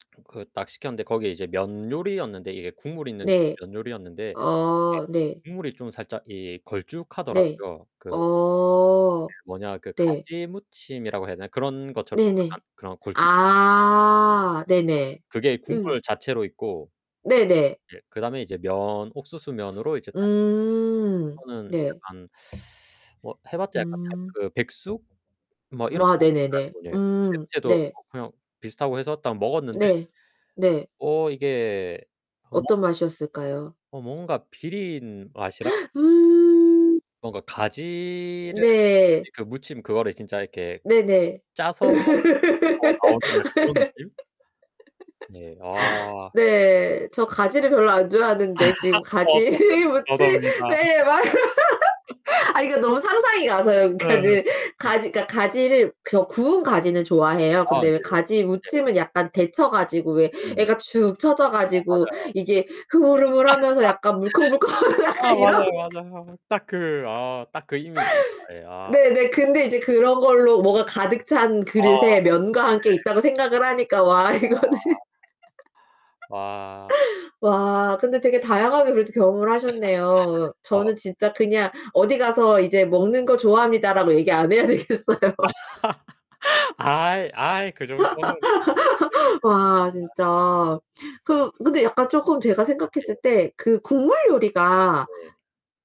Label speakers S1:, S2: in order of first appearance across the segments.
S1: 그 딱 시켰는데 거기 이제 면 요리였는데 이게 국물 있는
S2: 네.
S1: 면 요리였는데 이게
S2: 어 네.
S1: 국물이 좀 살짝 이
S2: 네.
S1: 걸쭉하더라고요. 그
S2: 어.
S1: 뭐냐. 그
S2: 네.
S1: 가지무침이라고 해야 되나? 그런 것처럼
S2: 네네.
S1: 약간 그런 걸쭉한
S2: 아. 네네.
S1: 그게
S2: 으.
S1: 국물 자체로 있고.
S2: 네네.
S1: 예, 그다음에 이제 면 옥수수면으로 이제 딱 해서
S2: 음.
S1: 그거는
S2: 네.
S1: 약간 뭐 해봤자 약간 닭
S2: 음.
S1: 그 백숙? 뭐 이런
S2: 아,
S1: 것인 줄
S2: 네네네.
S1: 알고 예.
S2: 음,
S1: 냄새도
S2: 네.
S1: 어 그냥 비슷하고 해서 딱 먹었는데
S2: 네. 네.
S1: 어, 이게 [unintelligible]
S2: 어떤 맛이었을까요?
S1: 어, 뭔가 비린 맛이랑
S2: 음.
S1: 뭔가 가지를
S2: 네.
S1: 가지 그 무침 그거를 진짜 이렇게
S2: 네네.
S1: 짜서 더 나오는 약간 그런 느낌? 네. 아.
S2: 네. 저 가지를 별로 안 좋아하는데 지금 가지
S1: 저도, 저도입니다.
S2: 무침에 막. 아니 그 너무 상상이 가서요.
S1: 네.
S2: 그니까는 가지
S1: 그러니까.
S2: 그니까 가지를 저 구운 가지는 좋아해요.
S1: 아,
S2: 근데
S1: 네.
S2: 왜
S1: 그런 네.
S2: 가지무침은 약간 데쳐 가지고 왜
S1: 음.
S2: 애가 축 처져
S1: 어,
S2: 가지고
S1: 맞아요.
S2: 이게 흐물흐물하면서 약간 물컹물컹하고
S1: 아,
S2: 약간 이런.
S1: 맞아요, 맞아요. 딱 그 아, 딱 그 이미지입니다. 예, 아.
S2: 네네. 근데 이제 그런 걸로 뭐가 가득 찬
S1: 아,
S2: 그릇에 면과
S1: 예.
S2: 함께 있다고 생각을 하니까 와 이거는
S1: 아. 와.
S2: 와. 근데 되게 다양하게 그래도 경험을 하셨네요.
S1: 아,
S2: 저는
S1: 네.
S2: 진짜 그냥 어디 가서 이제 "먹는 거 좋아합니다."라고 얘기 안 해야 되겠어요.
S1: 아이, 아이 그 정도는 [unintelligible]
S2: 와
S1: 아.
S2: 진짜. 그 근데 약간 쪼끔 제가 생각했을
S1: 예.
S2: 때 그 국물 요리가
S1: 네.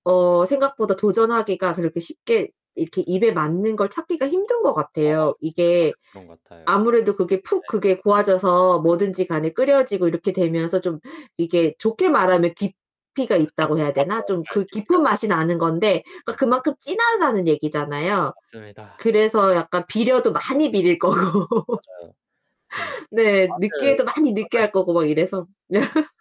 S2: 어 생각보다 도전하기가 그렇게 쉽게 이렇게
S1: 음.
S2: 입에 맞는 걸 찾기가 힘든 것
S1: 어,
S2: 같아요.
S1: 진짜
S2: 이게
S1: 맞아요. 그런 것 같아요.
S2: 아무래도 그게 푹
S1: 네.
S2: 그게 고아져서 뭐든지 간에 끓여지고 이렇게 되면서 좀 이게 좋게 말하면 깊이가 있다고 해야 되나?
S1: 맞아요,
S2: 좀
S1: [unintelligible]
S2: 그
S1: 깊이가
S2: 깊은 맛이 나는 건데 그러니까
S1: 음.
S2: 그만큼 진하다는 얘기잖아요.
S1: 맞습니다.
S2: 그래서 약간 비려도 많이 비릴 거고.
S1: 맞아요. 좀 진짜
S2: 네.
S1: 맛을
S2: 느끼해도
S1: 확
S2: 많이
S1: 끌어당
S2: 느끼할 거고 막 이래서.